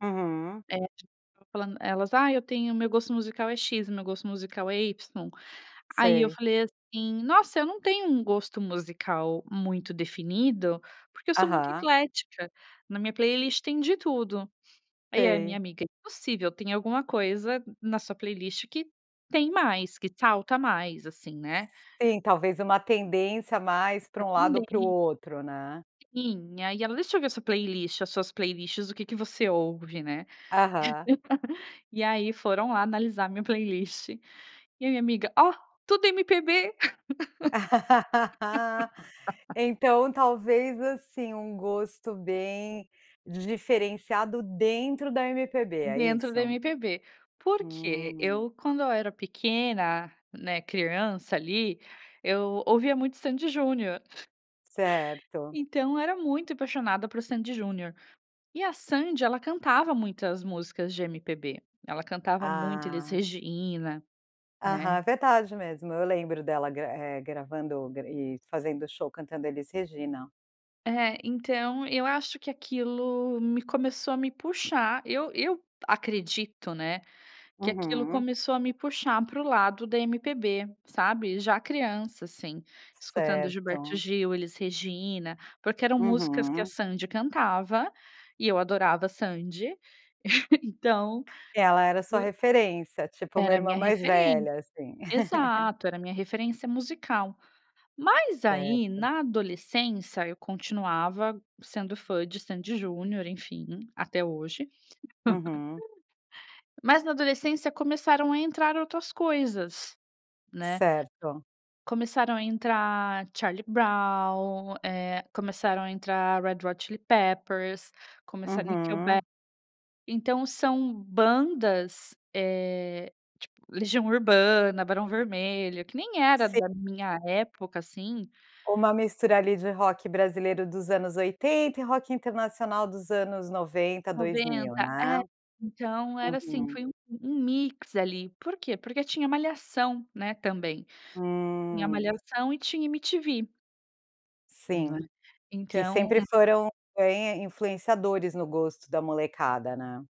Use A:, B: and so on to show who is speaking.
A: Uhum.
B: É. [unintelligible] falando elas: "Ah, eu tenho o meu gosto musical é X, o meu gosto musical é Y". Aí eu
A: Sei.
B: falei assim: "Nossa, eu não tenho um gosto musical muito definido, porque eu sou muito
A: Aham.
B: eclética. Na minha playlist tem de tudo". Aí a minha
A: Sei.
B: amiga: "Impossível, tem alguma coisa na sua playlist que tem mais, que salta mais, assim, né".
A: Sim, talvez uma tendência mais para um lado ou para o
B: Também.
A: outro, né.
B: Sim, e ai ela: "Deixa eu ver sua playlist, as suas playlists, o que que você ouve, né".
A: Aham.
B: E aí foram lá analisar a minha playlist. E a minha amiga: "Ó, tudo MPB".
A: Então, talvez, assim, um gosto bem diferenciado dentro da MPB, é
B: Dentro da
A: isso?
B: MPB. Por quê?
A: Hum.
B: Eu, quando eu era pequena, né, criança ali, eu ouvia muito Sandy e Junior.
A: Certo.
B: Então eu era muito apaixonada por Sandy e Junior. E a Sandy ela cantava muitas músicas de MPB, ela cantava muito Elis
A: Ah.
B: Regina, né.
A: Aham, verdade mesmo, eu lembro dela gra eh, gravando e fazendo show cantando Elis Regina.
B: É. Então eu acho que aquilo me começou a me puxar, eu eu acredito, né, que aquilo
A: Uhum.
B: começou a me puxar para o lado da MPB, sabe. Já criança, assim, escutando Gilberto
A: Certo.
B: Gil, Elis Regina, porque eram músicas que a
A: Uhum.
B: Sandy cantava, e eu adorava a Sandy, então
A: E ela era sua referência, tipo uma
B: Era a
A: irmã
B: minha
A: mais
B: referen
A: velha, assim.
B: exato, era a minha referência musical. Mas aí,
A: Certo.
B: na adolescência, eu continuava sendo fã de Sandy e Junior, enfim, até hoje.
A: Uhum.
B: Mas na adolescência começaram a entrar outras coisas, né.
A: Certo.
B: Começaram a entrar Charlie Brown, eh, começaram a entrar Red Hot Chili Peppers, começaram Nickelback.
A: Uhum.
B: Então são bandas, eh, tipo, Legião Urbana, Barão Vermelho, que nem era
A: Si
B: da minha época, assim.
A: Uma mistura ali de rock brasileiro dos anos 80 e rock internacional dos anos 90, 2000,
B: 90,
A: né.
B: é. Então era, assim,
A: Uhum.
B: foi um um mix ali. Por quê? Porque tinha Malhação, né, também. Tinha
A: Hum.
B: Malhação e tinha MTV. Não é?
A: Sim. Que
B: Então
A: sempre foram influen influenciadores no gosto da molecada, né?